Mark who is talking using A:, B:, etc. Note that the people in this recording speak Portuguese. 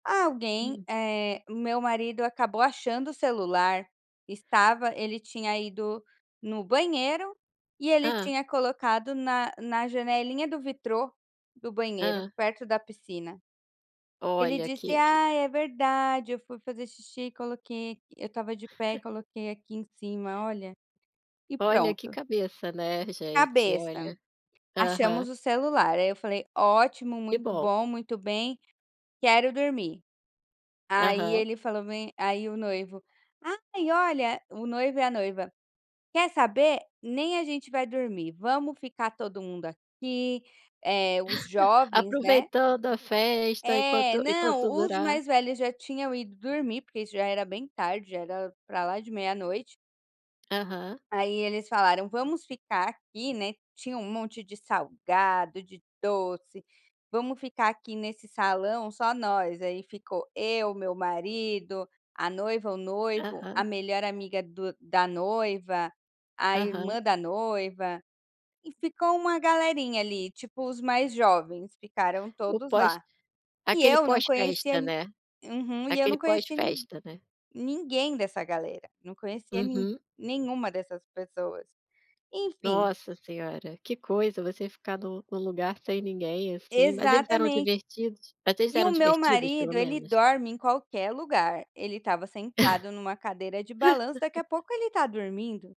A: Alguém
B: Hum.
A: eh, meu marido acabou achando o celular, estava, ele tinha ido no banheiro e ele
B: Hã.
A: tinha colocado na na janelinha do vitrô do banheiro
B: Hã.
A: perto da piscina, ele
B: Olha,
A: disse:
B: que que
A: “Ah é verdade eu fui fazer xixi, coloquei aqui eu estava de pé, coloquei aqui em cima, olha" e
B: Olha que
A: pronto.
B: cabeça, né. Gente,
A: Cabeça,
B: olha. Aham.
A: achamos o celular aí eu falei: "Ótimo,
B: Que
A: muito
B: bom.
A: bom, muito bem, quero dormir". Aí
B: Aham.
A: ele falou bem aí, o noivo, "Ai olha" o noivo e a noiva, "Quer saber, nem a gente vai dormir, vamos ficar todo mundo aqui, eh, os jovens, né."
B: Aproveitando a festa
A: É
B: enquanto enquanto
A: não, os
B: durar.
A: mais velhos já tinham ido dormir porque isso já era bem tarde, já era para lá de meia noite.
B: Aham.
A: Aí eles falaram: “Vamos ficar aqui!”, né, tinha um monte de salgado, de doce, “Vamos ficar aqui nesse salão, só nós”. Aí ficou eu, meu marido, a noiva, o noivo, a
B: Aham.
A: melhor amiga do da noiva, a
B: Aham.
A: irmã da noiva e ficou uma galerinha ali, tipo os mais jovens ficaram
B: O
A: todos lá,
B: pós,
A: e
B: aquele
A: eu não
B: pós
A: conhecia
B: festa,
A: ni
B: né.
A: Uhum, e eu
B: Aquele
A: não
B: pós
A: conhecia nin
B: festa, né.
A: ninguém dessa galera, não conhecia nin
B: Uhum.
A: nenhuma dessas pessoas, enfim.
B: Nossa senhora, que coisa você ficar no no lugar sem ninguém assim, mas eles eram
A: Exatamente.
B: divertidos? Mas
A: E
B: eram
A: o meu
B: divertidos pelo
A: marido ele
B: menos?
A: dorme em qualquer lugar, ele estava sentado numa cadeira de balanço, daqui a pouco ele está dormindo.